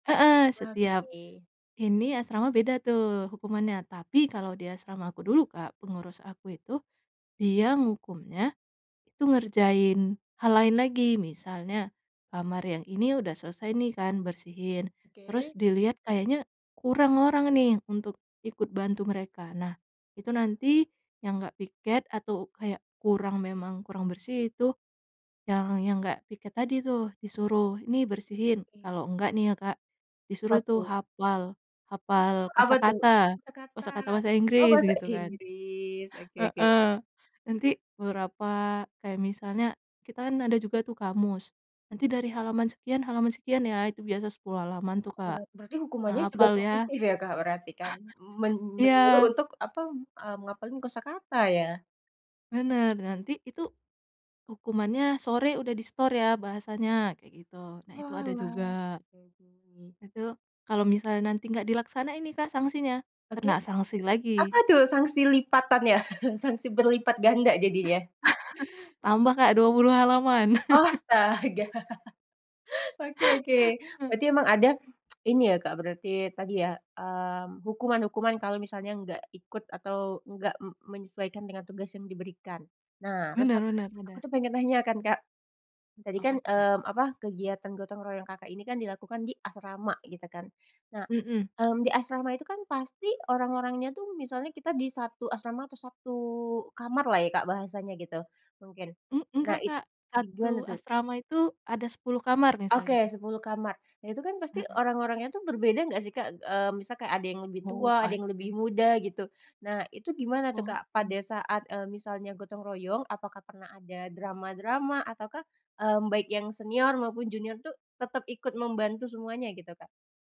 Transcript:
Heeh, Wah, setiap oke. ini, asrama beda tuh hukumannya. Tapi kalau di asrama aku dulu, Kak, pengurus aku itu dia ngehukumnya itu ngerjain hal lain lagi. Misalnya kamar yang ini udah selesai nih kan, bersihin, terus Oke. dilihat kayaknya kurang orang nih untuk ikut bantu mereka. Nah, itu nanti yang enggak piket atau kayak kurang memang kurang bersih, itu yang yang enggak piket tadi tuh, disuruh nih Oke bersihin. oke. Kalau enggak nih ya, Kak, disuruh Apa tuh tuh? hafal, Ah, hafal apa tuh? kosakata. Kosakata. Kosakata bahasa Oh Inggris bahasa gitu kan Inggris. Oke oke. heeh, nanti beberapa, kayak misalnya kita kan ada juga tuh kamus, nanti dari halaman sekian halaman sekian ya, itu biasanya 10 halaman tuh, Bera Kak. berarti hukumannya Nah, juga hafal ya. positif ya, Kak, berarti kan? Men menyuruh Iya. untuk apa, eee, ngapalin kosakata ya? Benar, nanti itu, hukumannya sore udah disetor ya bahasanya kayak gitu, nah itu ada juga. Oalah, oke oke. Itu kalau misalnya nanti enggak dilaksanain nih Kak sanksinya, Oke. kena sanksi Apa lagi. tuh sanksi lipatannya, sanksi berlipat ganda jadinya. Tambah Kak 20 halaman. Astaga. Oke oke, berarti emang ada ini ya, Kak, berarti tadi ya, mmm, hukuman-hukuman kalau misalnya enggak ikut atau enggak me menyesuaikan dengan tugas yang diberikan. Nah, terus Benar ak benar aku benar. tuh pengen nanya kan, Kak. Tadi kan, Apa tuh, Kak? mmm, apa, kegiatan gotong royong, Kakak ini kan dilakukan di asrama gitu kan. Nah, Mhm. mmm, di asrama itu kan pasti orang-orangnya tuh, misalnya kita di 1 asrama atau 1 kamar lah ya, Kak, bahasanya gitu mungkin. E Nah, enggak itu Kak, 1 gimana tuh? asrama itu ada 10 kamar misal Oke, gitu. 10 kamar. Nah, itu kan pasti Heeh. orang-orangnya tuh berbeda enggak sih, Kak? Mmm, misal kayak ada yang lebih Oh, tua, ada yang lebih pasti. muda gitu. Nah, itu gimana tuh, Kak, Oke. pada saat, eee, misalnya gotong royong? Apakah pernah ada drama-drama? Ataukah, mmm, baik yang senior maupun junior tuh tetap ikut membantu semuanya gitu, Kak?